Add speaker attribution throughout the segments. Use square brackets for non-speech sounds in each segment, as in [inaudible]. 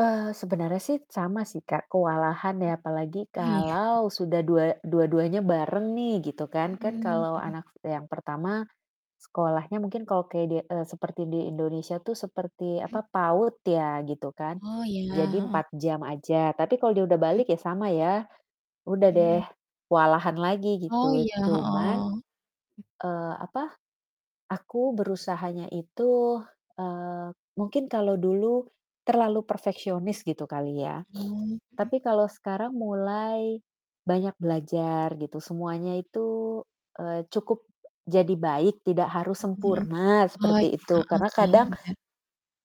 Speaker 1: Eee, sebenarnya sih sama sih Kak, kewalahan
Speaker 2: Mmm.
Speaker 1: ya apalagi
Speaker 2: Oh iya?
Speaker 1: kalau sudah dua dua-duanya bareng nih gitu kan. Kan
Speaker 2: Mmm,
Speaker 1: kalau
Speaker 2: mhm.
Speaker 1: anak yang pertama, sekolahnya mungkin kalau kedie eee, seperti di Indonesia tuh seperti
Speaker 2: Mmm.
Speaker 1: apa, PAUD ya gitu kan,
Speaker 2: Oh iya,
Speaker 1: jadi
Speaker 2: heeh.
Speaker 1: 4 jam aja. Tapi kalau dia udah
Speaker 2: Mhm.
Speaker 1: balik ya sama ya udah
Speaker 2: Mmm,
Speaker 1: deh
Speaker 2: mhm.
Speaker 1: kewalahan lagi
Speaker 2: Oh
Speaker 1: gitu.
Speaker 2: iya,
Speaker 1: Cuman,
Speaker 2: heeh. Mmm.
Speaker 1: eee, apa, aku berusahanya itu, eee, mungkin kalau dulu terlalu perfeksionis gitu kali ya, [sniffs]
Speaker 2: Oh, mhm.
Speaker 1: tapi kalau sekarang mulai banyak belajar gitu. Semuanya itu, eee, cukup jadi baik tidak harus
Speaker 2: Hmm heeh.
Speaker 1: sempurna,
Speaker 2: Oh
Speaker 1: seperti
Speaker 2: iya,
Speaker 1: itu.
Speaker 2: heeh,
Speaker 1: Karena
Speaker 2: sih
Speaker 1: kadang
Speaker 2: bener.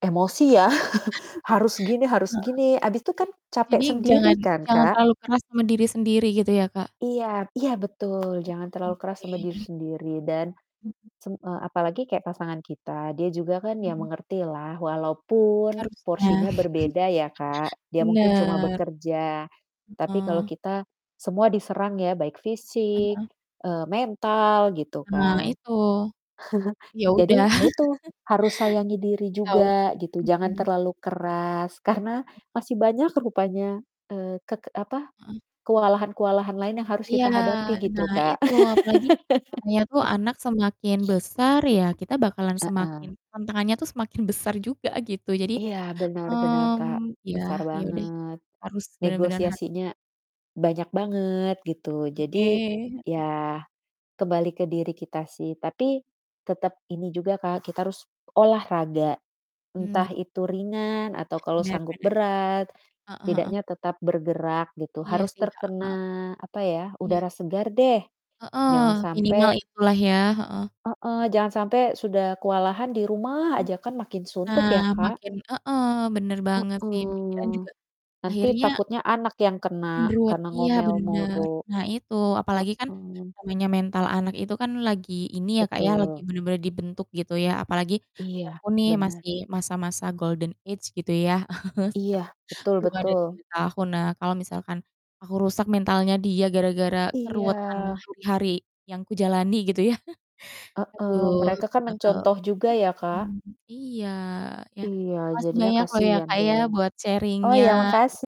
Speaker 1: emosi ya, [chuckles] harus gini harus gini, habis
Speaker 2: [chuckles] Heeh,
Speaker 1: itu kan capek
Speaker 2: jadi jadi
Speaker 1: sendiri
Speaker 2: jangan
Speaker 1: kan,
Speaker 2: jangan
Speaker 1: Kak?
Speaker 2: terlalu keras sama diri sendiri gitu ya Kak?
Speaker 1: Iya iya betul,
Speaker 2: Mmm,
Speaker 1: jangan terlalu keras sama diri
Speaker 2: oke.
Speaker 1: sendiri. Dan
Speaker 2: Mhm.
Speaker 1: sem eee, apalagi kayak pasangan kita, dia juga kan ya
Speaker 2: Mhm.
Speaker 1: mengertilah walaupun
Speaker 2: Harusnya.
Speaker 1: porsinya berbeda ya
Speaker 2: [chuckles]
Speaker 1: Kak, dia mungkin cuma
Speaker 2: Bener.
Speaker 1: bekerja, tapi kalau
Speaker 2: Heeh.
Speaker 1: kita semua diserang ya baik fisik,
Speaker 2: Heeh.
Speaker 1: eee, mental gitu
Speaker 2: Nah
Speaker 1: kan.
Speaker 2: itu, ya
Speaker 1: [chuckles]
Speaker 2: udah.
Speaker 1: Jadi ya itu
Speaker 2: [chuckles]
Speaker 1: harus sayangi diri
Speaker 2: Tau.
Speaker 1: juga gitu, jangan
Speaker 2: Mhm.
Speaker 1: terlalu keras, karena
Speaker 2: Hmm.
Speaker 1: masih banyak rupanya, eee, kek e apa,
Speaker 2: Heeh.
Speaker 1: kewalahan-kewalahan lain yang harus
Speaker 2: Iya,
Speaker 1: kita hadapi gitu
Speaker 2: nah
Speaker 1: Kak. [laughs]
Speaker 2: itu apalagi katanya tuh anak semakin
Speaker 1: [sniffs]
Speaker 2: besar ya kita bakalan
Speaker 1: Heeh.
Speaker 2: semakin tantangannya tuh semakin besar juga gitu. Jadi,
Speaker 1: Iya benar benar Kak,
Speaker 2: mmm, ya
Speaker 1: besar
Speaker 2: ya udah
Speaker 1: banget.
Speaker 2: harus bener-bener har
Speaker 1: Negosiasinya banyak banget gitu.
Speaker 2: Oke,
Speaker 1: Jadi
Speaker 2: heeh.
Speaker 1: ya kembali ke diri kita sih, tapi tetep ini juga Kak, kita harus olahraga,
Speaker 2: Mmm, i
Speaker 1: entah itu ringan atau kalau
Speaker 2: Bener
Speaker 1: sanggup
Speaker 2: bener.
Speaker 1: berat
Speaker 2: Heeh heeh.
Speaker 1: setidaknya tetap bergerak gitu.
Speaker 2: Iya
Speaker 1: Harus
Speaker 2: sih, heeh
Speaker 1: terkena
Speaker 2: heeh.
Speaker 1: apa ya,
Speaker 2: Iya.
Speaker 1: udara segar deh.
Speaker 2: Heeh,
Speaker 1: Jangan
Speaker 2: minimal
Speaker 1: sampai
Speaker 2: itulah ya. Heeh.
Speaker 1: Heeh, jangan sampai sudah kewalahan di rumah
Speaker 2: Mmm.
Speaker 1: aja kan, makin suntuk
Speaker 2: Nah
Speaker 1: ya Kak.
Speaker 2: makin heeh, bener banget sih pikiran
Speaker 1: Mhm,
Speaker 2: juga
Speaker 1: nanti
Speaker 2: akhirnya
Speaker 1: takutnya anak yang kena
Speaker 2: makin ruwet
Speaker 1: karena
Speaker 2: iya
Speaker 1: ngomel moro.
Speaker 2: bener. Nah itu apalagi kan
Speaker 1: Heeh.
Speaker 2: namanya mental anak itu kan lagi ini ya Kak ya, lagi
Speaker 1: Betul.
Speaker 2: bener-bener dibentuk gitu ya, apalagi anak
Speaker 1: Iya
Speaker 2: aku nih
Speaker 1: bener.
Speaker 2: masih masa-masa golden age gitu ya. [chuckles]
Speaker 1: Iya,
Speaker 2: [unintelligible]
Speaker 1: betul
Speaker 2: Belum ada
Speaker 1: betul.
Speaker 2: 7 tahun. Nah kalau misalkan aku rusak mentalnya dia gara-gara keruwetan
Speaker 1: Iya.
Speaker 2: hari-hari yang kujalani gitu ya. [chuckles]
Speaker 1: Heeh,
Speaker 2: Aduh,
Speaker 1: mereka kan
Speaker 2: gak tau
Speaker 1: mencontoh juga ya Kak.
Speaker 2: mhm, iya ya.
Speaker 1: Iya,
Speaker 2: Makasih
Speaker 1: jadinya
Speaker 2: banyak loh ya
Speaker 1: kasihan
Speaker 2: Kak, ya
Speaker 1: deh.
Speaker 2: buat
Speaker 1: Oh ya
Speaker 2: sharing-nya.
Speaker 1: makasi